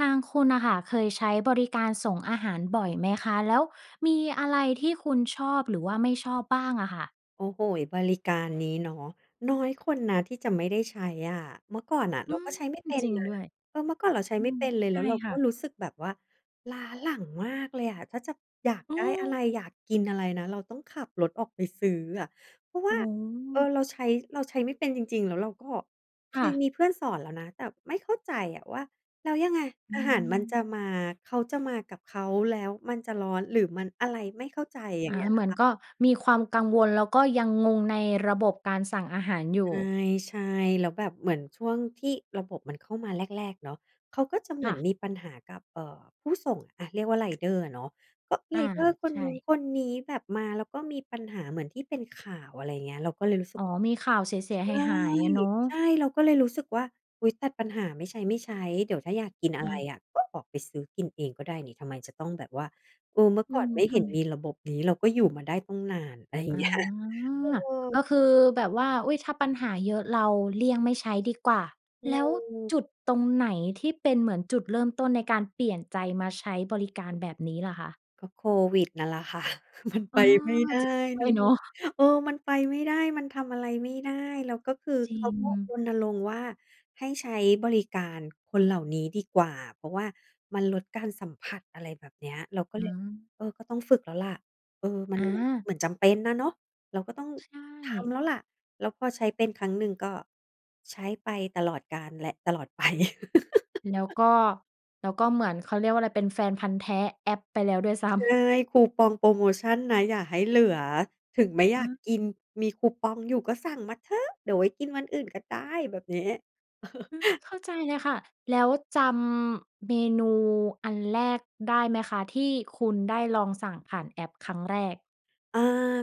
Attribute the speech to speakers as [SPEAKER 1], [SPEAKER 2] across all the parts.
[SPEAKER 1] ทางคุณน่ะค่ะ เคยใช้บริการส่งอาหารบ่อยไหมคะ? แล้วมีอะไรที่คุณชอบหรือว่าไม่ชอบบ้างอะค่ะ?
[SPEAKER 2] โอ้โฮ้ บริการนี้เนาะ น้อยคนนะที่จะไม่ได้ใช้อะ เมื่อก่อนน่ะเ
[SPEAKER 1] อ
[SPEAKER 2] ร
[SPEAKER 1] ื
[SPEAKER 2] าก
[SPEAKER 1] ม
[SPEAKER 2] ็ใช้ไม่เป็น
[SPEAKER 1] จริง
[SPEAKER 2] นะ
[SPEAKER 1] ด้วย
[SPEAKER 2] เออ เมื่อก่อนเราใช้
[SPEAKER 1] อื
[SPEAKER 2] ไม่
[SPEAKER 1] ม
[SPEAKER 2] เป็นเลย
[SPEAKER 1] ใ
[SPEAKER 2] แ
[SPEAKER 1] ช
[SPEAKER 2] ล
[SPEAKER 1] ่
[SPEAKER 2] ้วเรา
[SPEAKER 1] ค
[SPEAKER 2] ก
[SPEAKER 1] ่
[SPEAKER 2] ็
[SPEAKER 1] ะ
[SPEAKER 2] รู้สึกแบบว่าล้าหลังมากเลยอะ ถ้าจะอยาก
[SPEAKER 1] อื
[SPEAKER 2] ได้อะไร?
[SPEAKER 1] อ
[SPEAKER 2] อยากกินอะไรนะ? เราต้องขับรถออกไปซื้ออะ เพราะว
[SPEAKER 1] อ
[SPEAKER 2] ่
[SPEAKER 1] ื
[SPEAKER 2] า เออ
[SPEAKER 1] ม
[SPEAKER 2] เราใช้ เราใช้ไม่เป็นจริง ๆ แล้วเราก็เค
[SPEAKER 1] ค่
[SPEAKER 2] ย
[SPEAKER 1] ะ
[SPEAKER 2] มีเพื่อนสอนแล้วนะ แต่ไม่เข้าใจอะว่าแล้วยังไง?
[SPEAKER 1] อื
[SPEAKER 2] อาหารมันจ
[SPEAKER 1] อ
[SPEAKER 2] ะมา เขาจะมากับเขา แล้วมันจะร้อนหรือมันอะไร? ไม่เข้าใจ อย่
[SPEAKER 1] อ
[SPEAKER 2] าง
[SPEAKER 1] า
[SPEAKER 2] เงี้ย
[SPEAKER 1] เหมือ
[SPEAKER 2] ค
[SPEAKER 1] น
[SPEAKER 2] ่ะ
[SPEAKER 1] ก็มีความกังวล แล้วก็ยังงงในระบบการสั่งอาหารอย
[SPEAKER 2] ใ
[SPEAKER 1] ู่
[SPEAKER 2] ช่ ๆ แล้วแบบเหมือนช่วงที่ระบบมันเข้ามาแรก ๆ เนาะ เขาก็จะเหม
[SPEAKER 1] ค
[SPEAKER 2] ื
[SPEAKER 1] ่
[SPEAKER 2] อน
[SPEAKER 1] ะ
[SPEAKER 2] มีปัญหากับ เอ่อ ผู้ส่ง อะ เรียกว่า ไรเดอร์อะเนาะ ก็ไ
[SPEAKER 1] อ
[SPEAKER 2] ร
[SPEAKER 1] า
[SPEAKER 2] เดอร์คน
[SPEAKER 1] ใช
[SPEAKER 2] นู้น
[SPEAKER 1] ่
[SPEAKER 2] คนนี้ แบบมาแล้วก็มีปัญหาเหมือนที่เป็นข่าว อะไรอย่างเงี้ย เราก็เลยรู้สึ
[SPEAKER 1] อ
[SPEAKER 2] ก
[SPEAKER 1] ๋อ มีข่าวเสีย
[SPEAKER 2] ใช่
[SPEAKER 1] ๆ หาย ๆ อะเนาะ
[SPEAKER 2] ใช่ เราก็เลยรู้สึกว่า อุ๊ย ตัดปัญหาไม่ใช้ ๆ เดี๋ยวถ้าอยากกินอะ
[SPEAKER 1] อ
[SPEAKER 2] ไร
[SPEAKER 1] า
[SPEAKER 2] อะก็ออกไปซื้อกินเองก็ได้นี่ ทำไมจะต้องแบบว่า เออ เมื่อ
[SPEAKER 1] อื
[SPEAKER 2] ก่อน
[SPEAKER 1] ม
[SPEAKER 2] ไม่
[SPEAKER 1] ท
[SPEAKER 2] เห็
[SPEAKER 1] ำ
[SPEAKER 2] น
[SPEAKER 1] ไม?
[SPEAKER 2] มีระบบนี้เราก็อยู่มาได้ตั้งนาน อะไร อย่า
[SPEAKER 1] อ๋
[SPEAKER 2] ง
[SPEAKER 1] อ
[SPEAKER 2] เงี้ย เอ
[SPEAKER 1] ก
[SPEAKER 2] อ
[SPEAKER 1] ็คือแบบว่า อุ๊ย ถ้าปัญหาเยอะเราเลี่ยงไม่ใช้ดีกว่า
[SPEAKER 2] อื
[SPEAKER 1] แล้ว
[SPEAKER 2] ม
[SPEAKER 1] จุดตรงไหนที่เป็นเหมือนจุดเริ่มต้นในการเปลี่ยนใจมาใช้บริการแบบนี้ล่ะคะ?
[SPEAKER 2] ก็โควิดนั่นแหละ ค่ะ มัน
[SPEAKER 1] อ๋
[SPEAKER 2] ไป
[SPEAKER 1] อ
[SPEAKER 2] ไม่ได
[SPEAKER 1] จริ
[SPEAKER 2] ้
[SPEAKER 1] งด้
[SPEAKER 2] เน
[SPEAKER 1] ว
[SPEAKER 2] า
[SPEAKER 1] ย
[SPEAKER 2] ะ
[SPEAKER 1] เนาะ
[SPEAKER 2] เออ มันไปไม่ได้ มันทำอะไรไม่ได้ แล้วก็คือ
[SPEAKER 1] จริ
[SPEAKER 2] เขาก็
[SPEAKER 1] ง
[SPEAKER 2] รณรงค์ว่าให้ใช้บริการคนเหล่านี้ดีกว่า เพราะว่ามันลดการสัมผัส อะไรแบบเนี้ย เราก็
[SPEAKER 1] อ
[SPEAKER 2] เลย
[SPEAKER 1] า
[SPEAKER 2] เออ ก็ต้องฝึกแล้วแหละ เออ มัน
[SPEAKER 1] อ
[SPEAKER 2] เ
[SPEAKER 1] า
[SPEAKER 2] หมือนจำเป็นน่ะเนาะ เราก็ต้อง
[SPEAKER 1] ใช
[SPEAKER 2] ท
[SPEAKER 1] ่
[SPEAKER 2] ำแล้วแหละ แล้วพอใช้เป็นครั้งหนึ่งก็ใช้ไปตลอดกาลและตลอด ไป
[SPEAKER 1] แล้วก็ แล้วก็เหมือน เขาเรียกว่าอะไร เป็นแฟนพันธุ์แท้แอปไปแล้วด้วยซ้
[SPEAKER 2] ใช
[SPEAKER 1] ำ
[SPEAKER 2] ่ คูปองโพรโมชันนะอย่าให้เหลือ ถึงไม่อย
[SPEAKER 1] อ
[SPEAKER 2] าก
[SPEAKER 1] า
[SPEAKER 2] กิน มีคูปองอยู่ก็สั่งมาเถอะ เดี๋ยวไว้กินวันอื่นก็ได้ แบบนี้ เออ
[SPEAKER 1] อือ เข้าใจเลยค่ะ แล้วจำ เมนูอันแรกได้ไหมคะ ที่คุณได้ลองสั่งผ่านแอปครั้งแรก?
[SPEAKER 2] อ่า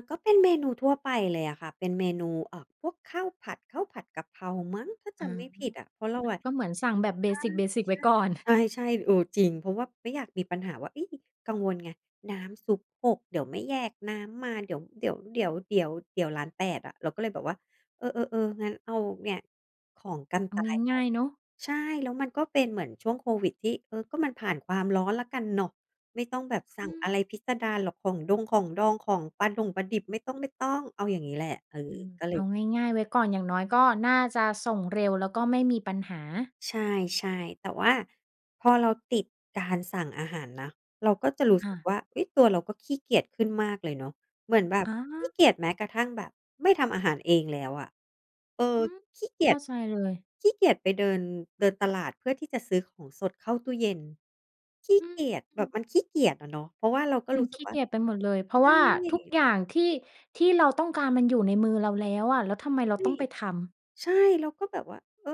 [SPEAKER 2] ก็เป็นเมนูทั่วไปเลยอะค่ะ เป็นเมนู เอ่อ พวกข้าวผัด ข้าวผัดกะเพรามั้ง ถ้าจ
[SPEAKER 1] อ๋อ
[SPEAKER 2] ำไม่ผิดอะ เพราะเราอะ
[SPEAKER 1] ก็เหมือนสั่งแบบ เบสิก ๆ ไว้ก่อน
[SPEAKER 2] ใช่ ๆ ใช่ ๆ เออ จริง เพราะว่าไม่อยากมีปัญหาว่า เฮ้ย กังวลไง น้ำซุปหก เดี๋ยวไม่แยกน้ำมา เดี๋ยว เดี๋ยว เดี๋ยว เดี๋ยว เดี๋ยวล้านแปดอะ เราก็เลยแบบว่า เออ ๆ ๆ งั้นเอาเนี่ยของกัน
[SPEAKER 1] เอ
[SPEAKER 2] ต
[SPEAKER 1] า
[SPEAKER 2] ายไป
[SPEAKER 1] ง่าย ๆ เนาะ
[SPEAKER 2] ใช่ แล้วมันก็เป็นเหมือนช่วงโควิดที่ เออ ก็มันผ่านความร้อนแล้วกันเนาะ ไม่ต้องแบบสั่
[SPEAKER 1] อ
[SPEAKER 2] ง
[SPEAKER 1] ื
[SPEAKER 2] อะ
[SPEAKER 1] อ
[SPEAKER 2] ไรพิศดารหรอก ของดง ของดอง ของปลาดง ปลาดิบ ไม่ต้อง ๆ เอาอย่างนี้แหละ เออ
[SPEAKER 1] อือ
[SPEAKER 2] ก็เล
[SPEAKER 1] เอ
[SPEAKER 2] ย
[SPEAKER 1] าง่าย ๆ ไว้ก่อน อย่างน้อยก็น่าจะส่งเร็ว แล้วก็ไม่มีปัญหา
[SPEAKER 2] ใช่ ๆ แต่ว่าพอเราติดการสั่งอาหารนะ เราก็จะรู้
[SPEAKER 1] อ
[SPEAKER 2] สึก
[SPEAKER 1] า
[SPEAKER 2] ว่า เฮ้ย ตัวเราก็ขี้เกียจขึ้นมากเลยเนาะ เหมือนแบบ
[SPEAKER 1] อ
[SPEAKER 2] ขี้
[SPEAKER 1] า
[SPEAKER 2] เกียจแม้กระทั่งแบบไม่ทำอาหารเองแล้วอะ เออ
[SPEAKER 1] อืม
[SPEAKER 2] ขี้เกี
[SPEAKER 1] เข
[SPEAKER 2] ย
[SPEAKER 1] ้า
[SPEAKER 2] จ
[SPEAKER 1] ใจเลย
[SPEAKER 2] ขี้เกียจไปเดิน เดินตลาดเพื่อที่จะซื้อของสดเข้าตู้เย็น ขี้
[SPEAKER 1] อื
[SPEAKER 2] เ
[SPEAKER 1] อ
[SPEAKER 2] กียจ
[SPEAKER 1] อ
[SPEAKER 2] แ
[SPEAKER 1] ื
[SPEAKER 2] บบ
[SPEAKER 1] อ
[SPEAKER 2] มันขี้เกียจอะเนาะ เพราะว่าเราก็
[SPEAKER 1] มั
[SPEAKER 2] รู
[SPEAKER 1] น
[SPEAKER 2] ้ส
[SPEAKER 1] ข
[SPEAKER 2] ึ
[SPEAKER 1] ี
[SPEAKER 2] ก
[SPEAKER 1] ้
[SPEAKER 2] ว่
[SPEAKER 1] เ
[SPEAKER 2] า
[SPEAKER 1] กียจไปหมดเลย เพรา
[SPEAKER 2] ใ
[SPEAKER 1] ะ
[SPEAKER 2] ช
[SPEAKER 1] ว่าทุก
[SPEAKER 2] ่
[SPEAKER 1] อย่างที่ ที่เราต้องการมันอยู่ในมือเราแล้วอะ แล้วทำไมเรา
[SPEAKER 2] ใช่
[SPEAKER 1] ต้องไปทำ?
[SPEAKER 2] ใช่ เราก็แบบว่า เออ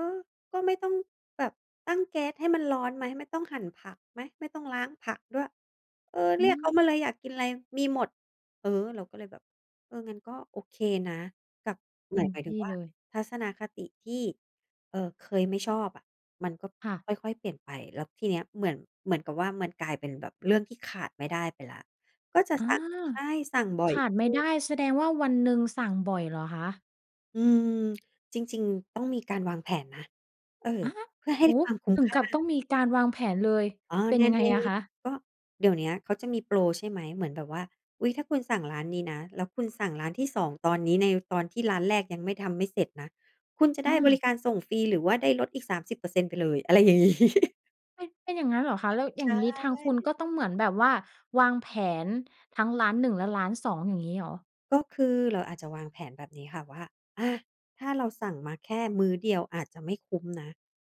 [SPEAKER 2] ก็ไม่ต้องแบบตั้งแก๊สให้มันร้อนไหม? ไม่ต้องหั่นผักไหม? ไม่ต้องล้างผักด้วย เออ
[SPEAKER 1] อ
[SPEAKER 2] เรียกเขา
[SPEAKER 1] ืม
[SPEAKER 2] มาเลยอยากกินอะไรมีหมด เออ เราก็เลยแบบ เออ งั้นก็โอเคนะ กับ
[SPEAKER 1] เ
[SPEAKER 2] ห
[SPEAKER 1] ต
[SPEAKER 2] ม
[SPEAKER 1] ็
[SPEAKER 2] าย
[SPEAKER 1] ม
[SPEAKER 2] หมาย
[SPEAKER 1] ท
[SPEAKER 2] ถึง
[SPEAKER 1] ี่
[SPEAKER 2] ว่า
[SPEAKER 1] เลย
[SPEAKER 2] ทัศนคติที่ เออ เคยไม่ชอบอะ มันก็
[SPEAKER 1] ค่ะ
[SPEAKER 2] ค่อย ๆ เปลี่ยนไป แล้วทีเนี้ยเหมือน เหมือนกับว่า มันกลายเป็นแบบเรื่องที่ขาดไม่ได้ไปแล้ว ก็จะ
[SPEAKER 1] อา
[SPEAKER 2] สั่ง ใช่ สั่งบ่อ
[SPEAKER 1] ข
[SPEAKER 2] ย
[SPEAKER 1] าด
[SPEAKER 2] ข
[SPEAKER 1] ไม่
[SPEAKER 2] ึ้
[SPEAKER 1] ได
[SPEAKER 2] น
[SPEAKER 1] ้ แสดงว่าวันหนึ่งสั่งบ่อยเหรอคะ?
[SPEAKER 2] อืม จริง ๆ ต้องมีการวางแผนนะ เออ
[SPEAKER 1] อา
[SPEAKER 2] เพื่อให
[SPEAKER 1] โ
[SPEAKER 2] ้
[SPEAKER 1] อ้
[SPEAKER 2] ความคุ้ม
[SPEAKER 1] ถึ
[SPEAKER 2] ค
[SPEAKER 1] ง
[SPEAKER 2] ่
[SPEAKER 1] ก
[SPEAKER 2] า
[SPEAKER 1] ับต้องมีการวางแผนเลย
[SPEAKER 2] อ๋อ
[SPEAKER 1] เป็
[SPEAKER 2] ใ
[SPEAKER 1] น
[SPEAKER 2] น
[SPEAKER 1] ยังไ
[SPEAKER 2] ใ
[SPEAKER 1] ง
[SPEAKER 2] น
[SPEAKER 1] อะคะ?
[SPEAKER 2] ก็เดี๋ยวเนี้ยเขาจะมีโปร ใช่ไหม เหมือนแบบว่า อุ๊ย ถ้าคุณสั่งร้านนี้นะ แล้วคุณสั่งร้านที่ 2 ตอนนี้ในตอนที่ร้านแรกยังไม่ ทำไม่เสร็จนะ คุณจะไ
[SPEAKER 1] อ
[SPEAKER 2] ด้บริ
[SPEAKER 1] า
[SPEAKER 2] การส่งฟรี หรือว่าได้ลดอีก 30% ไปเลย อะไร อย่างงี้
[SPEAKER 1] เป็น เป็นอย่างงั้นเหรอคะ? แล้วอ
[SPEAKER 2] ใ
[SPEAKER 1] ย่
[SPEAKER 2] ช
[SPEAKER 1] างนี้ทางคุณ
[SPEAKER 2] ่
[SPEAKER 1] ก็ต้องเหมือนแบบว่า วางแผนทั้งร้าน 1 และร้าน 2 อย่างนี้เหรอ?
[SPEAKER 2] ก็คือเราอาจจะวางแผนแบบนี้ค่ะว่า อา ถ้าเราสั่งมาแค่มื้อเดียวอาจจะไม่คุ้มนะ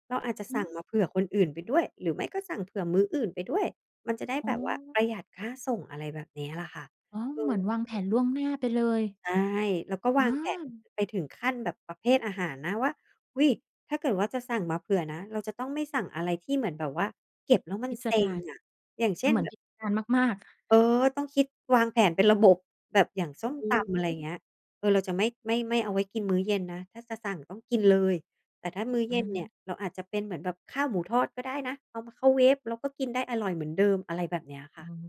[SPEAKER 2] เราอาจจะ
[SPEAKER 1] อื
[SPEAKER 2] สั่งมาเผื
[SPEAKER 1] อ
[SPEAKER 2] ่อคนอื่นไปด้วย หรือไม่ก็สั่งเผื่อมื้ออื่นไปด้วย มันจะได้
[SPEAKER 1] อ๋
[SPEAKER 2] แบบว่า
[SPEAKER 1] อ
[SPEAKER 2] ประหยัดค่าส่ง อะไรแบบนี้ล่ะค่ะ
[SPEAKER 1] อ๋อ
[SPEAKER 2] อื
[SPEAKER 1] เหมือนวางแผ
[SPEAKER 2] อ
[SPEAKER 1] นล่วงหน้าไปเลย
[SPEAKER 2] ใช่ แล้วก็ว
[SPEAKER 1] อ
[SPEAKER 2] างแผน
[SPEAKER 1] า
[SPEAKER 2] ไปถึงขั้นแบบประเภทอาหารนะว่า อุ๊ย ถ้าเกิดว่าจะสั่งมาเผื่อนะเราจะต้องไม่สั่งอะไร ที่เหมือนแบบว่าเก็บแล้วมั
[SPEAKER 1] พ
[SPEAKER 2] น
[SPEAKER 1] ิ
[SPEAKER 2] เ
[SPEAKER 1] ส
[SPEAKER 2] ซ็
[SPEAKER 1] ด
[SPEAKER 2] ง
[SPEAKER 1] าร
[SPEAKER 2] อะ อย่างเช่น
[SPEAKER 1] เหมือ
[SPEAKER 2] แ
[SPEAKER 1] น
[SPEAKER 2] บบ
[SPEAKER 1] พิศดารมาก ๆ
[SPEAKER 2] เออ ต้องคิดวางแผนเป็นระบบ แบบอย่างส้
[SPEAKER 1] อ
[SPEAKER 2] มตำอะไร
[SPEAKER 1] ือ
[SPEAKER 2] เงี้ย เออ เราจะไม่ ไม่ ไม่เอาไว้กินมื้อเย็นนะ ถ้าจะสั่งต้องกินเลย แต่ถ้ามื้อเย
[SPEAKER 1] อ
[SPEAKER 2] ็นเนี่ย
[SPEAKER 1] า
[SPEAKER 2] เราอาจจะเป็นเหมือนแบบข้าวหมูทอดก็ได้นะ เอามาเข้าเวฟ แล้วก็กินได้อร่อยเหมือนเดิม อะไรแบบเนี้ยค
[SPEAKER 1] โอ
[SPEAKER 2] ่ะ
[SPEAKER 1] ้โฮ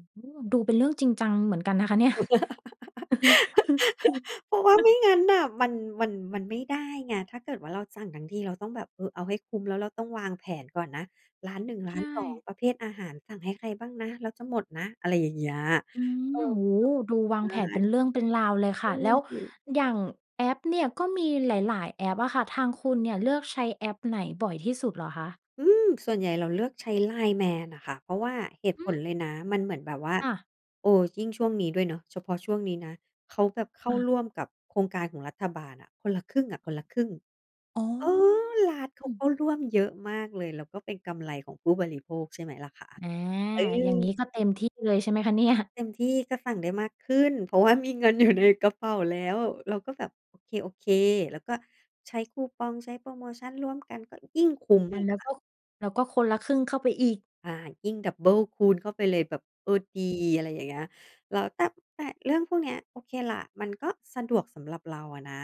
[SPEAKER 1] ดูเป็นเรื่องจริงจังเหมือนกันนะคะเนี่ย
[SPEAKER 2] เพราะว่าไม่งั้นน่ะ มัน มัน มันไม่ได้ไง ถ้าเกิดว่าเราสั่งทั้งทีเราต้องแบบ เออ เอาให้คุ้ม แล้วเราต้องวางแผนก่อนนะ ร้าน 1 ร
[SPEAKER 1] ใ
[SPEAKER 2] ้
[SPEAKER 1] ช
[SPEAKER 2] าน 2
[SPEAKER 1] ่
[SPEAKER 2] ประเภทอาหาร สั่งให้ใครบ้างนะ แล้วจะหมดนะ อะไรอย่างเงี้ย
[SPEAKER 1] อื
[SPEAKER 2] เอ
[SPEAKER 1] อ
[SPEAKER 2] อ
[SPEAKER 1] โอ้โฮ ดูวา
[SPEAKER 2] แบ
[SPEAKER 1] งแผ
[SPEAKER 2] บ ใ
[SPEAKER 1] น
[SPEAKER 2] ช
[SPEAKER 1] เป็
[SPEAKER 2] ่
[SPEAKER 1] นเรื่องเป็นราวเลยค
[SPEAKER 2] เอ
[SPEAKER 1] ่ะ แล
[SPEAKER 2] อ
[SPEAKER 1] ้ว
[SPEAKER 2] ดิ
[SPEAKER 1] อย่างแอปเนี่ย ก็มีหลาย ๆ แอปอะค่ะทางคุณเนี่ย เลือกใช้แอปไหนบ่อยที่สุดเหรอคะ?
[SPEAKER 2] อืม ส่วนใหญ่เราเลือกใช้ LINE MAN น่ะค่ะ เพราะว่าเหตุ
[SPEAKER 1] อื
[SPEAKER 2] ผล
[SPEAKER 1] อ
[SPEAKER 2] เลยนะ มันเหมือนแบบว่า
[SPEAKER 1] อะ
[SPEAKER 2] เออ ยิ่งช่วงนี้ด้วยเนาะ เฉพาะช่วงนี้นะ เขาแบบเข้
[SPEAKER 1] ค
[SPEAKER 2] า
[SPEAKER 1] ่
[SPEAKER 2] ร
[SPEAKER 1] ะ
[SPEAKER 2] ่วมกับโครงการของรัฐบาลอะ คนละครึ่งอะคนละครึ่ง
[SPEAKER 1] อ๋อ
[SPEAKER 2] เออ ร้านเข
[SPEAKER 1] อ
[SPEAKER 2] า
[SPEAKER 1] ื
[SPEAKER 2] ก
[SPEAKER 1] อ
[SPEAKER 2] ็ร่วมเยอะมากเลย แล้วก็เป็นกำไรของผู้บริโภคใช่ไหมล่ะคะ?
[SPEAKER 1] อา
[SPEAKER 2] เอ
[SPEAKER 1] อย่างงี้
[SPEAKER 2] อ
[SPEAKER 1] ก็เต็มที่เลยใช่ไหมคะเนี่
[SPEAKER 2] ก็
[SPEAKER 1] ย?
[SPEAKER 2] เต็มที่ ก็สั่งได้มากขึ้น เพราะว่ามีเงินอยู่ในกระเป๋า แล้ว เราก็แบบโอเค โอเค แล้วก็ใช้คูปอง ใช้โพรโมชันร่วมกันก็ยิ่งคุ้ม
[SPEAKER 1] อ
[SPEAKER 2] เ
[SPEAKER 1] ะ
[SPEAKER 2] ลย
[SPEAKER 1] แล้
[SPEAKER 2] ค
[SPEAKER 1] ว
[SPEAKER 2] ่ะ
[SPEAKER 1] ก็ แล้วก็คนละครึ่งเข้าไปอีก
[SPEAKER 2] อา ยิ่งดับเบิลคูณเข้าไปเลยแบบ เออ ดี อะไรอย่างเงี้ย แล้วแต่ แต่เรื่องพวกเนี้ย โอเคล่ะ มันก็สะดวกสำหรับเราอะนะ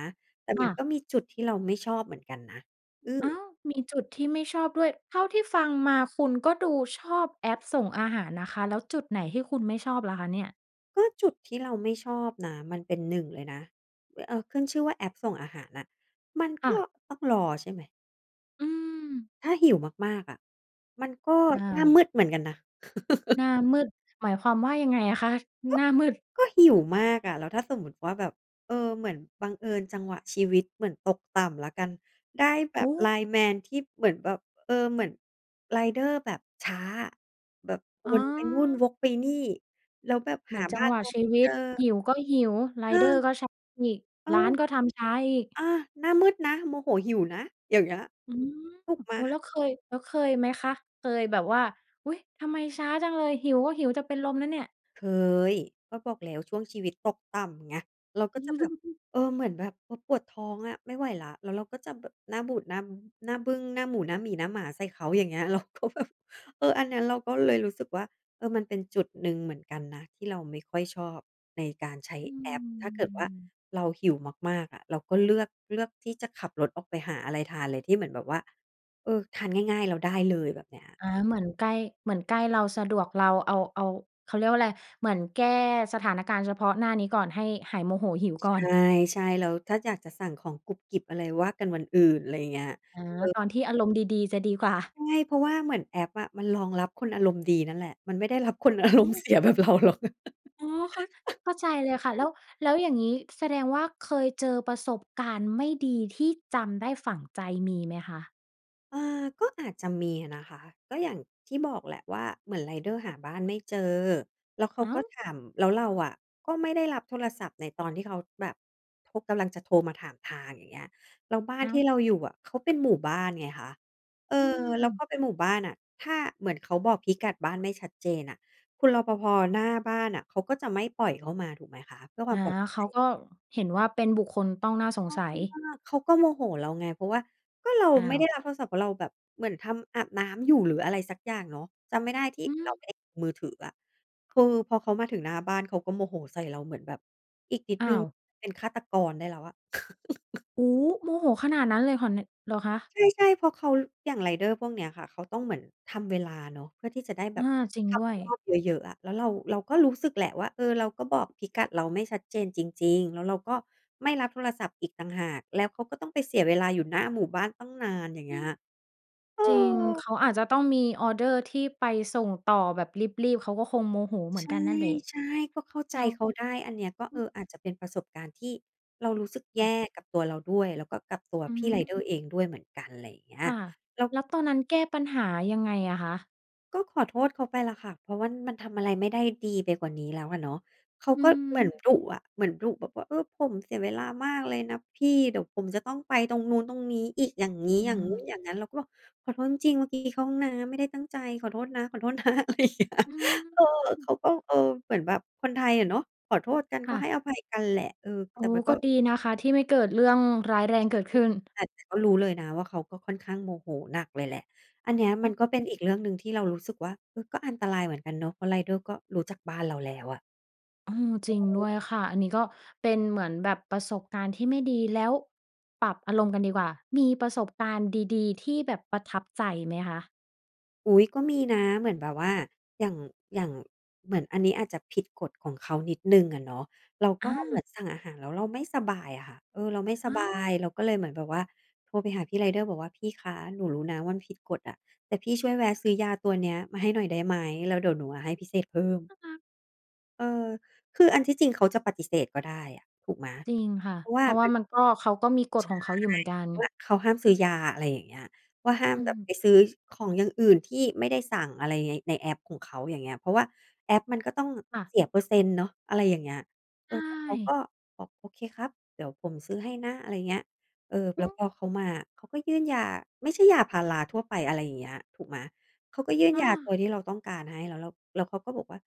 [SPEAKER 2] แต่
[SPEAKER 1] ค
[SPEAKER 2] มั
[SPEAKER 1] ่
[SPEAKER 2] น
[SPEAKER 1] ะ
[SPEAKER 2] ก็มีจุดที่เราไม่ชอบเหมือนกันนะ อื
[SPEAKER 1] อ้า
[SPEAKER 2] อ
[SPEAKER 1] ว มีจุดที่ไม่ชอบด้วย เท่าที่ฟังมาคุณก็ดูชอบแอปส่งอาหารนะคะ แล้วจุดไหนที่คุณไม่ชอบล่ะคะเนี่ย?
[SPEAKER 2] ก็จุดที่เราไม่ชอบนะ มันเป็น 1 เลยนะ อะ เออ ขึ้นชื่อว่าแอปส่งอาหารน่ะ มัน
[SPEAKER 1] ค
[SPEAKER 2] ก
[SPEAKER 1] ่
[SPEAKER 2] ็
[SPEAKER 1] ะ
[SPEAKER 2] ต้องรอใช่ไหม?
[SPEAKER 1] อือ
[SPEAKER 2] ถ้าหิวมาก ๆ อะ มันก็
[SPEAKER 1] อ้า
[SPEAKER 2] หน้าม
[SPEAKER 1] ว
[SPEAKER 2] ืดเหมือนกันนะ
[SPEAKER 1] หน้ามืด หมายความว่า ยังไงอะคะ?
[SPEAKER 2] ก็
[SPEAKER 1] หน้ามืด
[SPEAKER 2] ก็หิวมากอะ แล้วถ้าสมมติว่า แบบ เออ เหมือนบังเอิญจังหวะชีวิตเหมือนตกต่ำแล้วกัน ได้แบ
[SPEAKER 1] โอ
[SPEAKER 2] บ
[SPEAKER 1] ้!
[SPEAKER 2] LINE MAN ที่เหมือนแบบ เออ เหมือนไรเดอร์แบบช้าอะ แบบว
[SPEAKER 1] อ๋
[SPEAKER 2] นไปนู่น
[SPEAKER 1] อ
[SPEAKER 2] วกไปนี่ แล้วแบบ
[SPEAKER 1] เหม
[SPEAKER 2] ห
[SPEAKER 1] ื
[SPEAKER 2] า
[SPEAKER 1] อนจ
[SPEAKER 2] บ
[SPEAKER 1] ั
[SPEAKER 2] ้
[SPEAKER 1] ง
[SPEAKER 2] า
[SPEAKER 1] ห
[SPEAKER 2] น
[SPEAKER 1] ว
[SPEAKER 2] เ
[SPEAKER 1] ะ
[SPEAKER 2] รา
[SPEAKER 1] ช
[SPEAKER 2] ไ
[SPEAKER 1] ี
[SPEAKER 2] ม่
[SPEAKER 1] ว
[SPEAKER 2] เจ
[SPEAKER 1] ิต
[SPEAKER 2] อ
[SPEAKER 1] หิวก็หิว ไร
[SPEAKER 2] อ
[SPEAKER 1] เดอร
[SPEAKER 2] า
[SPEAKER 1] ์ก็ช้าอีก
[SPEAKER 2] อ้า
[SPEAKER 1] ร้
[SPEAKER 2] ว
[SPEAKER 1] านก็ทำช้าอีก
[SPEAKER 2] อา หน้ามืดนะ โมโหหิวนะ อย่างเงี้ย
[SPEAKER 1] อืม
[SPEAKER 2] ถูกไหม?
[SPEAKER 1] โอ้ แล้วเคย แล้วเคยไหมคะ? เคยแบบว่า อุ๊ย ทำไมช้าจังเลย หิวก็หิวจะเป็นลมแล้วเนี่ย
[SPEAKER 2] เคย ก็บอกแล้วช่วงชีวิตตกต่ำไง เราก็จะแบบ เออ เหมือนแบบ โอ้ ปวดท้องอะไม่ไหวแล้ว แล้วเราก็จะแบบหน้าบูดหน้า หน้าบึ้ง หน้าหมู หน้าหมี หน้าหมา ใส่เขาอย่างเงี้ย เราก็แบบ เออ อันนั้นเราก็เลยรู้สึกว่า เออ มันเป็นจุดหนึ่งเหมือนกันนะ ที่เราไม่ค่อยชอบในการใช้
[SPEAKER 1] อื
[SPEAKER 2] แอป ถ้าเกิดว่า
[SPEAKER 1] ม
[SPEAKER 2] เราหิวมาก ๆ อะ เราก็เลือก เลือกที่จะขับรถออกไปหาอะไรทานเลย ที่เหมือนแบบว่า เออ ทานง่าย ๆ แล้วได้เลยแบบเนี้ย
[SPEAKER 1] อา เหมือนใกล้ เหมือนใกล้เรา สะดวกเราเอา เอา เขาเรียกว่าอะไร เหมือนแก้สถานการณ์เฉพาะหน้านี้ก่อน ให้หายโมโหหิว
[SPEAKER 2] ช
[SPEAKER 1] ก่อน
[SPEAKER 2] ใช่ ๆ แล้วถ้าอยากจะสั่งของกรุบกริบอะไร ว่ากันวันอื่น อะไรอย่างเงี้ย
[SPEAKER 1] อ๋อ
[SPEAKER 2] เออ
[SPEAKER 1] ตอนที่อารมณ์ดี ๆ จะดี กว่า
[SPEAKER 2] ใช่ เพราะว่าเหมือนแอปอะ มันรองรับคนอารมณ์ดีนั่นแหละ มันไม่ได้รับคน อาร
[SPEAKER 1] โอ้
[SPEAKER 2] มณ์เสียแบบเราหรอก
[SPEAKER 1] อ๋อ เข้า เข้าใจเลยค่ะ แล้ว แล้วอย่างงี้แสดงว่า เคยเจอประสบการณ์ไม่ดี ที่จำได้ฝังใจมีไหมคะ?
[SPEAKER 2] อ่า ก็อาจจะมีนะคะ ก็อย่างที่บอกแหละว่า เหมือนไรเดอร์หาบ้านไม่เจอ แล้วเขา
[SPEAKER 1] อ้า
[SPEAKER 2] ก็
[SPEAKER 1] ว
[SPEAKER 2] ถาม แล้วเราอะก็ไม่ได้รับโทรศัพท์ในตอนที่เขาแบบ โทร กำลังจะโทรมาถามทาง อย่างเงี้ย แล้วบ้าน
[SPEAKER 1] อ้า
[SPEAKER 2] ที
[SPEAKER 1] ว
[SPEAKER 2] ่เราอยู่อะเขาเป็นหมู่บ้านไงคะ เออ
[SPEAKER 1] อื
[SPEAKER 2] แล้ว
[SPEAKER 1] ม
[SPEAKER 2] พอเป็นหมู่บ้านน่ะ ถ้า เหมือนเขาบอกพิกัดบ้านไม่ชัดเจนน่ะ คุณ รปภ. หน้าบ้านน่ะ เขาก็จะไม่ปล่อยเข้ามาถูกไหมคะ เพื่อค
[SPEAKER 1] อ
[SPEAKER 2] วา
[SPEAKER 1] า
[SPEAKER 2] มปลอดภ
[SPEAKER 1] เข
[SPEAKER 2] ั
[SPEAKER 1] า
[SPEAKER 2] ย
[SPEAKER 1] ก็เห็นว่า เป็นบุคคลต้องน่าสงสัย
[SPEAKER 2] เขาก็โมโหเราไง เพราะว่าก็เรา
[SPEAKER 1] อ้า
[SPEAKER 2] ไม่ไ
[SPEAKER 1] ว
[SPEAKER 2] ด้รับโทรศัพท์ เพราะเราแบบเหมือนทำ อาบน้ำอยู่ หรืออะไรสักอย่างเนาะ จำไม่ได้ที่
[SPEAKER 1] อื
[SPEAKER 2] เรา
[SPEAKER 1] ม
[SPEAKER 2] มือถืออะ คือพอเขามาถึงหน้าบ้านเขาก็โมโหใส่เราเหมือนแบบ อีกนิด
[SPEAKER 1] อ้
[SPEAKER 2] นึ
[SPEAKER 1] า
[SPEAKER 2] ง
[SPEAKER 1] ว
[SPEAKER 2] เป็นฆาตกรได้แล้วอะ
[SPEAKER 1] โอ้โฮ โมโหขนาดนั้นเลยขอแนะ เหรอคะ?
[SPEAKER 2] ใช่ ๆ เพราะเขา อย่างไรเดอร์พวกเนี้ยค่ะ เขาต้องเหมือนทำเวลาเนาะ เพื่อที่จะได้แบ
[SPEAKER 1] อ
[SPEAKER 2] บ
[SPEAKER 1] า จริง
[SPEAKER 2] ท
[SPEAKER 1] ด้วย
[SPEAKER 2] ำรอบเยอะ ๆ อะ แล้วเรา เราก็รู้สึกแหละว่า เออ เราก็บอกพิกัดเราไม่ชัดเจนจริง ๆ แล้วเราก็ไม่รับโทรศัพท์อีกต่างหาก แล้วเขาก็ต้องไปเสียเวลาอยู่หน้าหมู่บ้านตั้งนาน อย่าง
[SPEAKER 1] อ
[SPEAKER 2] เง
[SPEAKER 1] ื
[SPEAKER 2] ี้ย
[SPEAKER 1] ม
[SPEAKER 2] เอ
[SPEAKER 1] จริง เข
[SPEAKER 2] อ
[SPEAKER 1] าอาจจะต้องมีออร์เดอร์ ที่ไปส่งต่อแบบรีบ ๆ เขาก็คงโมโหเหมือนกันนั่นแหละ
[SPEAKER 2] ใช่ ๆ ก็เข้า
[SPEAKER 1] แ
[SPEAKER 2] ใจ
[SPEAKER 1] ล้ว
[SPEAKER 2] เขาได้ อันเนี้ยก็
[SPEAKER 1] อ
[SPEAKER 2] เ
[SPEAKER 1] ื
[SPEAKER 2] อ
[SPEAKER 1] อ
[SPEAKER 2] อ อาจจะเป็นประสบการณ์ที่เรารู้สึก
[SPEAKER 1] ค
[SPEAKER 2] แย
[SPEAKER 1] ่ะ
[SPEAKER 2] ่กับตัวเราด้วย แล้วก็กับตัว
[SPEAKER 1] อื
[SPEAKER 2] พี่ไร
[SPEAKER 1] ม
[SPEAKER 2] เดอร์เองด้วยเหมือนกัน อะไรอย่างเงี้ย
[SPEAKER 1] ค่ะ
[SPEAKER 2] เรา
[SPEAKER 1] แล้วตอนนั้นแก้ปัญหายังไงอะคะ?
[SPEAKER 2] ก็ขอโทษเขาไปล่ะค่ะ เพราะว่ามันทำอะไรไม่ได้ดีไปกว่านี้แล้วอะเนาะ เขา
[SPEAKER 1] อื
[SPEAKER 2] ก็เหมือน
[SPEAKER 1] ม
[SPEAKER 2] ดุอะ เหมือนดุแบบว่า เออ ผมเสียเวลามากเลยนะพี่ เดี๋ยวผมจะต้องไปตรงนู้น ตรงนี้อีก อย่างงี้
[SPEAKER 1] อื
[SPEAKER 2] อย่างงู้น
[SPEAKER 1] ม
[SPEAKER 2] อย่างงั้น เราก็บอก "ขอโทษจริง ๆ เมื่อกี้เข้าห้องน้ำ ไม่ได้ตั้งใจ ขอโทษนะ ขอโทษ นะ" อะไรอย่างเนี้ย
[SPEAKER 1] อื
[SPEAKER 2] เออ เข
[SPEAKER 1] ม
[SPEAKER 2] าก็ เออ เหมือนแบบคนไทยอะเนาะ ขอโทษกัน
[SPEAKER 1] ค
[SPEAKER 2] ก็
[SPEAKER 1] ่
[SPEAKER 2] ให
[SPEAKER 1] ะ
[SPEAKER 2] ้อภัยกันแหละ เออ
[SPEAKER 1] อ
[SPEAKER 2] แ
[SPEAKER 1] ๋
[SPEAKER 2] ต
[SPEAKER 1] อ
[SPEAKER 2] ่มันก
[SPEAKER 1] ก็
[SPEAKER 2] ็
[SPEAKER 1] ดีนะคะ ที่ไม่เกิดเรื่องร้ายแรงเกิดขึ้น
[SPEAKER 2] แต่ แต่ก็รู้เลยนะว่าเขาก็ค่อนข้างโมโหหนักเลยแหละ อันเนี้ยมันก็เป็นอีกเรื่องหนึ่งที่เรารู้สึกว่า เออ ก็อันตรายเหมือนกันเนาะ เพราะไรเดอร์ก็รู้จักบ้านเราแล้วอะ
[SPEAKER 1] อืม
[SPEAKER 2] ใ
[SPEAKER 1] จ
[SPEAKER 2] ช
[SPEAKER 1] ริงด้
[SPEAKER 2] ่
[SPEAKER 1] วยค่ะ อันนี้ก็เป็นเหมือนแบบประสบการณ์ที่ไม่ดี แล้ว ปรับอารมณ์กันดีกว่า มีประสบการณ์ดี ๆ ที่แบบประทับใจไหมคะ?
[SPEAKER 2] อุ๊ย ก็มีนะเหมือนแบบว่า อย่าง อย่างเหมือนอันนี้อาจจะผิดกฎของเขานิดหนึ่งอะเนาะ เราก
[SPEAKER 1] อ
[SPEAKER 2] ็เหมือ
[SPEAKER 1] า
[SPEAKER 2] นสั่งอาหารแล้วเราไม่สบายอะค่ะ เออ เราไม่ส
[SPEAKER 1] อ้
[SPEAKER 2] บ
[SPEAKER 1] า
[SPEAKER 2] า
[SPEAKER 1] ว
[SPEAKER 2] ย เราก็เลยเหมือนแบบว่าโทรไปหาพี่ไรเดอร์บอกว่า "พี่คะ หนูรู้นะว่ามันผิดกฎอะ แต่พี่ช่วยแวะซื้อยาตัวเนี้ยมาให้หน่อยได้ไหม แล้วเดี๋ยวหนูอะให้พิเศษเพิ่ม"
[SPEAKER 1] น่ารัก
[SPEAKER 2] เออ คืออันที่จริงเขาจะปฏิเสธก็ได้อะถูกไหม?
[SPEAKER 1] จริงค่ะ
[SPEAKER 2] เพราะว
[SPEAKER 1] เ
[SPEAKER 2] ่
[SPEAKER 1] พ
[SPEAKER 2] า
[SPEAKER 1] ราะว
[SPEAKER 2] ม
[SPEAKER 1] ่
[SPEAKER 2] ั
[SPEAKER 1] า
[SPEAKER 2] น
[SPEAKER 1] มันก็ เขาก็มีก
[SPEAKER 2] ใ
[SPEAKER 1] ฎ
[SPEAKER 2] ช่
[SPEAKER 1] ของเขาอยู่เหมือนกัน
[SPEAKER 2] ว่าเขาห้ามซื้อยา อะไรอย่างเงี้ย ว่าห้า
[SPEAKER 1] อ
[SPEAKER 2] ม
[SPEAKER 1] ื
[SPEAKER 2] แบบไ
[SPEAKER 1] ม
[SPEAKER 2] ปซื้อของอย่างอื่นที่ไม่ได้สั่งอะไร ใน ในแอปของเขา อย่างเงี้ย เพราะว่าแอปมันก็ต้อง
[SPEAKER 1] ค่ะ
[SPEAKER 2] เสียเปอร์เซ็นต์เนาะ อะไรอย่างเงี้ย
[SPEAKER 1] ใ
[SPEAKER 2] เ
[SPEAKER 1] ช
[SPEAKER 2] ออ แต่เขาก็
[SPEAKER 1] ่
[SPEAKER 2] บอก "โอเคครับ เดี๋ยวผมซื้อให้นะ" อะไรเงี้ย เออ แล
[SPEAKER 1] อ
[SPEAKER 2] ้ว
[SPEAKER 1] ือ
[SPEAKER 2] พอเขามาเขาก็ยื่นยา ไม่ใช่ยาพาราทั่วไป อะไรอย่างเงี้ย ถูกไหม เขาก็ยื่น
[SPEAKER 1] อ
[SPEAKER 2] ยาต
[SPEAKER 1] า
[SPEAKER 2] ัวที่เราต้องการให้ แล้วเรา แล้วเขาก็บอกว่า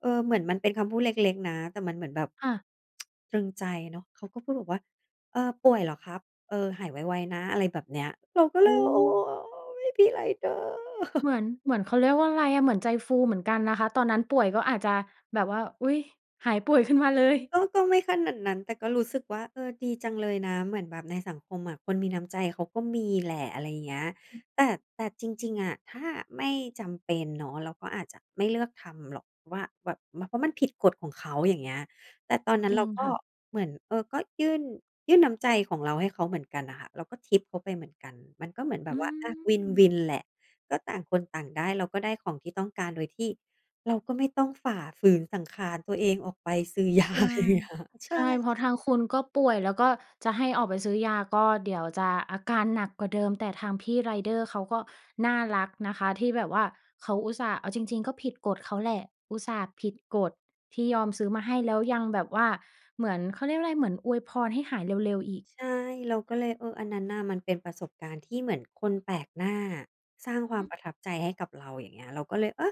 [SPEAKER 2] เออ เหมือนมันเป็นคำพูดเล็ก ๆ นะ แต่มันเหมือนแบบ
[SPEAKER 1] ค่ะ
[SPEAKER 2] ตรึงใจเนาะ เขาก็พูดบอกว่า เออ "ป่วยเหรอครับ? เออ หายไว ๆ นะ" อะไรแบบเนี้ย เราก็
[SPEAKER 1] โ
[SPEAKER 2] เล
[SPEAKER 1] อ
[SPEAKER 2] ย
[SPEAKER 1] ้
[SPEAKER 2] โ
[SPEAKER 1] โ
[SPEAKER 2] อ้!
[SPEAKER 1] ฮ
[SPEAKER 2] พี่ไรเดอร์
[SPEAKER 1] เหมือน เหมือน เขาเรียกว่าอะไรอะ เหมือนใจฟูเหมือนกันนะคะ ตอนนั้นป่วยก็อาจจะแบบว่า อุ๊ย หายป่วยขึ้นมาเลย
[SPEAKER 2] ก็ ก็ไม่ขนาดนั้น แต่ก็รู้สึกว่า เออ ดีจังเลยนะ เหมือนแบบในสังคมอะคนมีน้ำใจเขาก็มีแหละ อะไรอย่างเงี้ย
[SPEAKER 1] อือ
[SPEAKER 2] แต่ แต่จริง ๆ อะ ถ้าไม่จำเป็นเนาะเราก็อาจจะไม่เลือกทำหรอก เพราะว่าแบบ เพราะมันผิดกฎของเขา อย่างเงี้ย แต่ตอนนั้
[SPEAKER 1] จ
[SPEAKER 2] น
[SPEAKER 1] ร
[SPEAKER 2] เ
[SPEAKER 1] ิ
[SPEAKER 2] รา
[SPEAKER 1] ง
[SPEAKER 2] ก
[SPEAKER 1] ค
[SPEAKER 2] ็
[SPEAKER 1] ่ะ
[SPEAKER 2] เหมือน เออ ก็ยื่น ยื่นน้ำใจของเราให้เขาเหมือนกันน่ะค่ะ เราก็ทิปเขาไปเหมือนกัน มันก็เหมือนแบ
[SPEAKER 1] อื
[SPEAKER 2] บว่า อะ ว
[SPEAKER 1] ม
[SPEAKER 2] ิน ๆ แหละ ก็ต่างคนต่างได้ เราก็ได้ของที่ต้องการ โดยที่เราก็ไม่ต้องฝ่าฝืนสังขารตัวเองออกไปซื้อ ยา
[SPEAKER 1] ใช่
[SPEAKER 2] อะไรอย่างเงี้ย ใช
[SPEAKER 1] ใ
[SPEAKER 2] ่
[SPEAKER 1] ช่ เพรา
[SPEAKER 2] ค
[SPEAKER 1] ะ
[SPEAKER 2] ่
[SPEAKER 1] ท
[SPEAKER 2] ะ
[SPEAKER 1] างคุณก็ป่วย แล้วก็จะให้ออกไปซื้อยาก็เดี๋ยวจะอาการหนักกว่าเดิม แต่ทางพี่ไรเดอร์ เขาก็น่ารักนะคะ ที่แบบว่าเขาอุตส่าห์ เอาจริง ๆ ก็ผิดกฎเขาแหละ อุตส่าห์ผิดกฎที่ยอมซื้อมาให้ แล้วยังแบบว่าเหมือน เขาเรียกว่าอะไร เหมือนอวยพรให้หายเร็ว ๆ อีก
[SPEAKER 2] ใช่ เราก็เลย เออ อันนั้นน่ะมันเป็นประสบการณ์ที่เหมือนคนแปลกหน้าสร้างควา
[SPEAKER 1] อื
[SPEAKER 2] มป
[SPEAKER 1] ม
[SPEAKER 2] ระทับใจให้กับเรา อย่างเงี้ย เราก็เลย เออ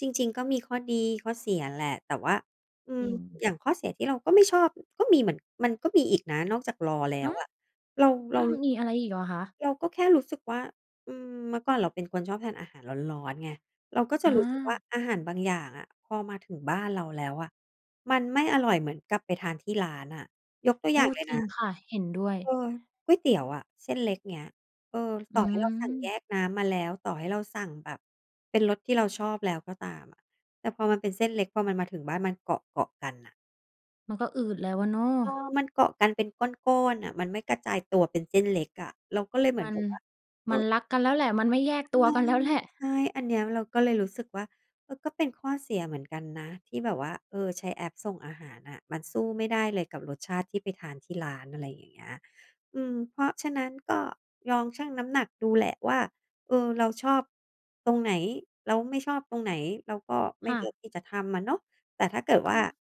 [SPEAKER 2] จริง ๆ ก็มีข้อดีข้อเสียแหละ แต่ว่า อื
[SPEAKER 1] จ
[SPEAKER 2] ม
[SPEAKER 1] ริง
[SPEAKER 2] อย่างข้อเสียที่เราก็ไม่ชอบก็มีเหมือน มันก็มีอีกนะนอกจากรอแล้
[SPEAKER 1] ห
[SPEAKER 2] ว
[SPEAKER 1] ือ
[SPEAKER 2] อะ เรา เร
[SPEAKER 1] อ
[SPEAKER 2] า
[SPEAKER 1] า มีอะไรอีกเหรอคะ?
[SPEAKER 2] เราก็แค่รู้สึกว่า อืม เมื่อก่อนเราเป็นคนชอบทานอาหารร้อน ๆ ไง เราก็จะ
[SPEAKER 1] อ
[SPEAKER 2] รู้สึกว่า
[SPEAKER 1] า
[SPEAKER 2] อาหารบางอย่างอะพอมาถึงบ้านเราแล้วอะ มันไม่อร่อยเหมือนกับไปทานที่ร้านน่ะ ยกตัว
[SPEAKER 1] โ
[SPEAKER 2] อ
[SPEAKER 1] อ
[SPEAKER 2] ย่า
[SPEAKER 1] ้
[SPEAKER 2] งเลย
[SPEAKER 1] จร
[SPEAKER 2] น
[SPEAKER 1] ิ
[SPEAKER 2] ะ
[SPEAKER 1] งค่ะ เห็นด้วย
[SPEAKER 2] เออ ก๋วยเตี๋ยวอะ เส้นเล็กเงี้ย เออ
[SPEAKER 1] อ
[SPEAKER 2] ต
[SPEAKER 1] ื
[SPEAKER 2] ่อให้เราสั่งแย
[SPEAKER 1] ม
[SPEAKER 2] กน้ำมาแล้ว ต่อให้เราสั่งแบบเป็นรสที่เราชอบแล้วก็ตามอะ แต่พอมันเป็นเส้นเล็ก พอมันมาถึงบ้านมันเกาะ ๆ กันน่ะ
[SPEAKER 1] มันก็อืดแล้วอะเนาะ
[SPEAKER 2] เออ มันเกาะกันเป็นก้อน ๆ น่ะ มันไม่กระจายตัวเป็นเส้นเล็กอะ เราก็เลยเหมือ
[SPEAKER 1] ม
[SPEAKER 2] น
[SPEAKER 1] ั
[SPEAKER 2] แ
[SPEAKER 1] น
[SPEAKER 2] บบว่า เอ
[SPEAKER 1] มัน
[SPEAKER 2] อ
[SPEAKER 1] รักกันแล้วแหละ มันไม่แยก
[SPEAKER 2] ใช
[SPEAKER 1] ตัว
[SPEAKER 2] ่
[SPEAKER 1] กัน แล้วแหละ
[SPEAKER 2] ใช่ อันเนี้ยเราก็เลยรู้สึกว่า เออ ก็เป็นข้อเสียเหมือนกันนะ ที่แบบว่า เออ ใช้แอปส่งอาหารอะ มันสู้ไม่ได้เลยกับรสชาติที่ไปทานที่ร้าน อะไรอย่างเงี้ย อืม เพราะฉะนั้นก็ลองชั่งน้ำหนักดูแหละว่า เออ เราชอบตรงไหน? เราไม่ชอบตรงไหน? เราก็ไม
[SPEAKER 1] ค
[SPEAKER 2] ่
[SPEAKER 1] ่
[SPEAKER 2] เลือ
[SPEAKER 1] ะ
[SPEAKER 2] กที่จะทำอะเนาะ แต่ถ้าเกิด
[SPEAKER 1] ก
[SPEAKER 2] ว่า
[SPEAKER 1] ็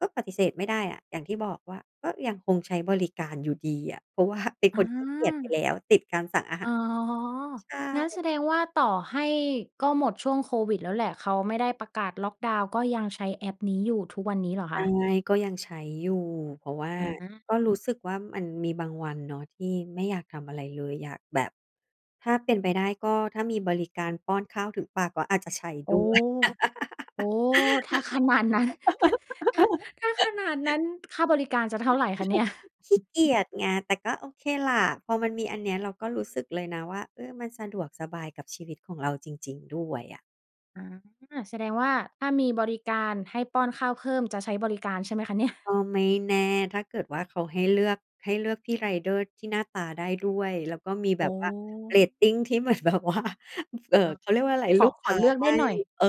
[SPEAKER 2] ก็ปฏิเสธไม่ได้อะ อย่างที่บอกว่า ก็ยังคงใช้บริการอยู่ดีอะ เพราะ ว่า เป็นคนขี้เกียจไปแ
[SPEAKER 1] อา
[SPEAKER 2] ล้ว ติดการสั่งอาห
[SPEAKER 1] อ๋
[SPEAKER 2] า
[SPEAKER 1] อ
[SPEAKER 2] ร ใช่
[SPEAKER 1] งั้นแสดงว่า ต่อให้ ก็หมดช่วงโควิดแล้วแหละ เขาไม่ได้ประกาศล็อกดาวน์ ก็ยังใช้แอปนี้อยู่ทุกวันนี้เหรอ
[SPEAKER 2] ใ
[SPEAKER 1] ค
[SPEAKER 2] ช่
[SPEAKER 1] ะ?
[SPEAKER 2] ก็ยังใช้อยู่ เพราะว่า
[SPEAKER 1] อ
[SPEAKER 2] ก็รู
[SPEAKER 1] า
[SPEAKER 2] ้สึกว่า มันมีบางวันเนาะ ที่ไม่อยากทำอะไรเลย อยากแบบ ถ้าเป็นไปได้ ก็ถ้ามีบริการป้อนข้าวถึงปากก็อาจจะใช้
[SPEAKER 1] โอ้
[SPEAKER 2] ด้วย
[SPEAKER 1] โอ้โฮ ถ้าขนาดนั้น ถ้าขนาดนั้น ค่าบริการจะเท่าไรคะเนี่ย?
[SPEAKER 2] ขี้เกียจไง แต่ก็โอเคแหละ พอมันมีอันเนี้ย เราก็รู้สึกเลยนะว่า เออ มันสะดวกสบายกับชีวิตของเราจริง ๆ ด้วยอะ
[SPEAKER 1] อ๋อ แสดงว่าถ้ามีบริการให้ป้อนข้าวเพิ่ม จะใช้บริการใช่ไหมคะเนี่ย?
[SPEAKER 2] ก็ไม่แน่ ถ้าเกิดว่าเขาให้เลือก ให้เลือกพี่ไรเดอร์ที่หน้าตาได้ด้วย แล้วก็มี
[SPEAKER 1] โ
[SPEAKER 2] แ
[SPEAKER 1] อ
[SPEAKER 2] บบ
[SPEAKER 1] ้
[SPEAKER 2] ว่าเรตติงที่ เหมือนแบบว่า เอ่อ
[SPEAKER 1] อา
[SPEAKER 2] เขาเรียกว่าไร
[SPEAKER 1] ข
[SPEAKER 2] ล
[SPEAKER 1] อ
[SPEAKER 2] ูก
[SPEAKER 1] ข
[SPEAKER 2] ค
[SPEAKER 1] อ
[SPEAKER 2] ้า
[SPEAKER 1] เลือก
[SPEAKER 2] ใ
[SPEAKER 1] ไ
[SPEAKER 2] ห
[SPEAKER 1] ด้
[SPEAKER 2] ้
[SPEAKER 1] หน่อย
[SPEAKER 2] เออ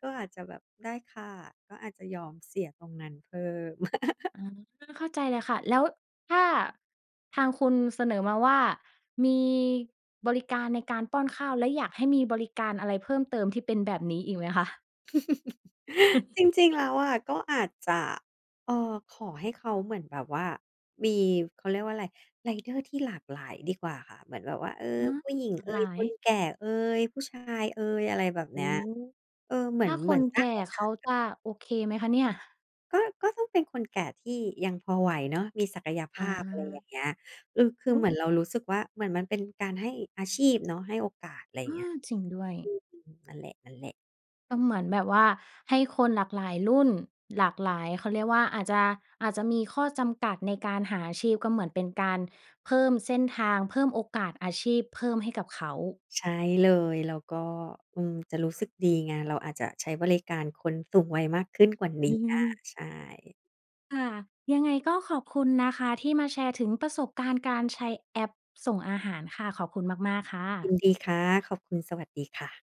[SPEAKER 2] ก็อาจจะแบบ ได้ค่ะ ก็อาจจะยอมเสียตรงนั้นเพิ่ม
[SPEAKER 1] อา เข้าใจเลยค่ะ แล้วถ้า ทางคุณเสนอมาว่า มีบริการในการป้อนข้าว และอยากให้มีบริการอะไรเพิ่มเติมที่เป็นแบบนี้อีกไหมคะ?
[SPEAKER 2] จริง ๆ แล้วอะก็อาจจะ เอ่อ ขอให้เขาเหมือนแบบว่ามี เขาเรียกว่าไร ไรเดอร์ที่หลากหลาย ดีกว่าค่ะ เหมือนแบบว่า เออ
[SPEAKER 1] อ๋อ
[SPEAKER 2] ผู้หญิง
[SPEAKER 1] หลา
[SPEAKER 2] เอ
[SPEAKER 1] กหล
[SPEAKER 2] ย
[SPEAKER 1] า
[SPEAKER 2] คน
[SPEAKER 1] ย
[SPEAKER 2] แก่เอย ผู้ชายเอย อะไรแบบ
[SPEAKER 1] โอ
[SPEAKER 2] เน
[SPEAKER 1] ้
[SPEAKER 2] ี้ย
[SPEAKER 1] โฮ
[SPEAKER 2] เออ เหมื
[SPEAKER 1] ถ
[SPEAKER 2] อ
[SPEAKER 1] ้
[SPEAKER 2] น
[SPEAKER 1] าค
[SPEAKER 2] เหมือ
[SPEAKER 1] น
[SPEAKER 2] นส
[SPEAKER 1] แ
[SPEAKER 2] ร
[SPEAKER 1] ก
[SPEAKER 2] ้า
[SPEAKER 1] ่
[SPEAKER 2] งโอ
[SPEAKER 1] เ
[SPEAKER 2] ก
[SPEAKER 1] ข
[SPEAKER 2] า
[SPEAKER 1] า
[SPEAKER 2] สอ
[SPEAKER 1] จ
[SPEAKER 2] ะ
[SPEAKER 1] ะโอเคไหมคะเนี่ย?
[SPEAKER 2] ก็ ก็ต้องเป็นคนแก่ที่ยังพอไหวเนาะ มีศักยภ
[SPEAKER 1] อ
[SPEAKER 2] าพ อะไรอย่
[SPEAKER 1] า
[SPEAKER 2] างเงี้ย อือ คือ
[SPEAKER 1] อ
[SPEAKER 2] เห
[SPEAKER 1] ื
[SPEAKER 2] มือ
[SPEAKER 1] ม
[SPEAKER 2] นเรารู้สึกว่า เหมือนมันเป็นการให้อาชีพเนาะ ให้โอกาส อะไรอ
[SPEAKER 1] เ
[SPEAKER 2] ย
[SPEAKER 1] อ
[SPEAKER 2] ่างเงี้ย
[SPEAKER 1] อ จริงด้วย
[SPEAKER 2] อืม นั่นแหละ ๆ
[SPEAKER 1] ก็เหมือนแบบว่าให้คนหลากหลายรุ่น หลากหลาย เขาเรียกว่า อาจจะ อาจจะมีข้อจำกัดในการหาอาชีพ ก็เหมือนเป็นการเพิ่มเส้นทาง เพิ่มโอกาสอาชีพ เพิ่มให้กับเขา
[SPEAKER 2] ใช่เลย แล้วก็ อืม จะรู้สึกดีไง เราอาจจะใช้บริการคนสูงวัยมากขึ้นกว่าเนี
[SPEAKER 1] อื
[SPEAKER 2] ้ย
[SPEAKER 1] ม
[SPEAKER 2] ใช่
[SPEAKER 1] ค่ะ ยังไงก็ขอบคุณนะคะที่มาแชร์ถึงประสบการณ์การใช้แอปส่งอาหารค่ะ ขอบคุณมาก ๆ ค่
[SPEAKER 2] ยิ
[SPEAKER 1] ะ
[SPEAKER 2] นดีค่ะ ขอบคุณ สวัสดีค่ะ